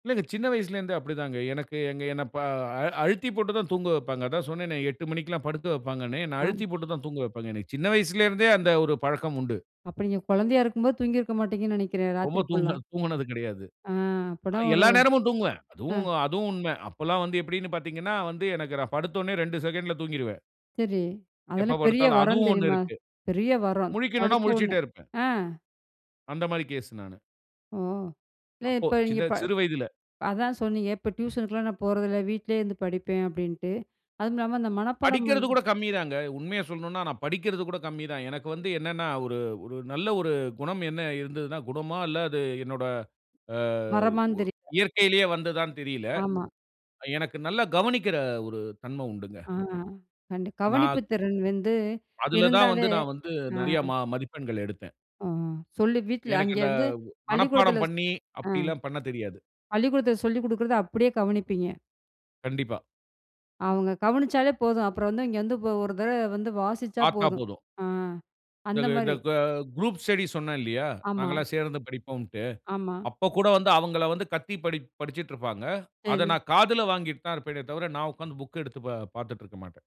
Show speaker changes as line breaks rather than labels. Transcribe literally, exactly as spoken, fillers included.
இல்லங்க சின்ன வயசுல இருந்தே அப்படி தாங்க, எனக்கு எங்க என்ன ப அழுத்தி போட்டு தான் தூங்க வைப்பாங்க, அதான் சொன்னேனே எட்டு மணிக்குலாம் படுக்க வைப்பாங்கனு, என்னை
ஆ.
அழுத்தி போட்டு தான் தூங்க வைப்பாங்க, எனக்கு சின்ன வயசுல இருந்தே அந்த ஒரு பழக்கம் உண்டு.
அப்ப நீங்க குழந்தையா இருக்கும் போது, தூங்கி இருக்க மாட்டங்கன்னு நினைக்குறேன்
ரொம்ப
ராத்திரி
தூங்க
ஃபுல்லா.
தூங்கினது கிடையாது.
ஆ
அ
அப்போதான் ஒரு
எல்லா நேரமும் தூங்குவேன்,
ஆ.
அதுவும் அதுவும் உண்மை, அப்போல்லாம் வந்து எப்படினு பார்த்தீங்கனா வந்து எனக்கு நான் படுத்தோனே ரெண்டு செகண்ட்ல தூங்கிடுவேன்.
சரி,
எப்போ
அதெல்லாம் பெரிய
படுத்தாலும்
வரம்
அதுவும் ஒண்ணு
தெரியுமா?
இருக்கு.
பெரிய வரம்
முழிக்கனுனா
படுத்த உடனே
முழிச்சிட்டே இருப்பேன்.
ஆ.
அந்த மாரி கேஸ் நானு.
ஓ, இல்ல
அப்போ
இப்ப நீங்க
சின்ன
ப
சிறு வயதில
அதான் சொன்னீங்க, இப்போ டியூஷனுக்குலாம் நான் போறதில்ல, வீட்டிலேயே இருந்து படிப்பேன் அப்படின்ட்டு, அதுவும் இல்லாம அந்த மனப்பாடம்
படிக்கிறது
பண்ண
கூட கம்மி தாங்க, உண்மையை சொல்லனுனா நான் படிக்கிறது கூட கம்மி தான், எனக்கு வந்து என்னனா, ஒரு ஒரு நல்ல ஒரு குணம் என்ன இருந்ததுனா குணமா இல்ல அது என்னோட ஆ
வரமான்னு
ஒ
தெரிய
இயற்கையிலேயே வந்ததானு தெரியல.
மா.
எனக்கு நல்லா கவனிக்கிற ஒரு தன்மை உண்டுங்க.
ஆ கண்டி கவனிப்பு
நான்
திறன் வந்து,
அதில தான்
இருந்தாலே
வந்து, நான் வந்து
ஆ,
நிறைய ம மதிப்பெண்கள் எடுத்தேன்.
ஆ சொல்லி வீட்ல
எனக்கு அந்த
அங்கேருந்து பள்ளிக்கூடத்தில
மனப்பாடம்
சொ
பண்ணி,
ஆ,
அப்படியெல்லாம் பண்ணத் தெரியாது.
பள்ளிக்கூடத்தில சொல்லிக் கொடுக்குறத அப்படியே கவனிப்பீங்க.
கண்டிப்பா.
அவங்க கவனிச்சாலே போதும், அப்புறம் வந்து, இங்க வந்து ஒரு தடவை வந்து வாசிச்சா
பார்த்தா
போதும்.
போதும்.
ஆ அந்த
இந்த இந்த
மாரி
க குரூப் ஸ்டடி சொன்னேன் இல்லையா,
ஆமா.
நாங்க எல்லாம் சேர்ந்து படிப்போம்ட்டு,
ஆமா.
அப்போ கூட வந்து அவங்கள வந்து கத்தி படி படிச்சிட்டு இருப்பாங்க, அதை
சரி.
நான் காதில வாங்கிட்டு தான் இருப்பேனே தவிர, நான் உட்கார்ந்து புக் எடுத்து பா பார்த்துட்டு இருக்க மாட்டேன்.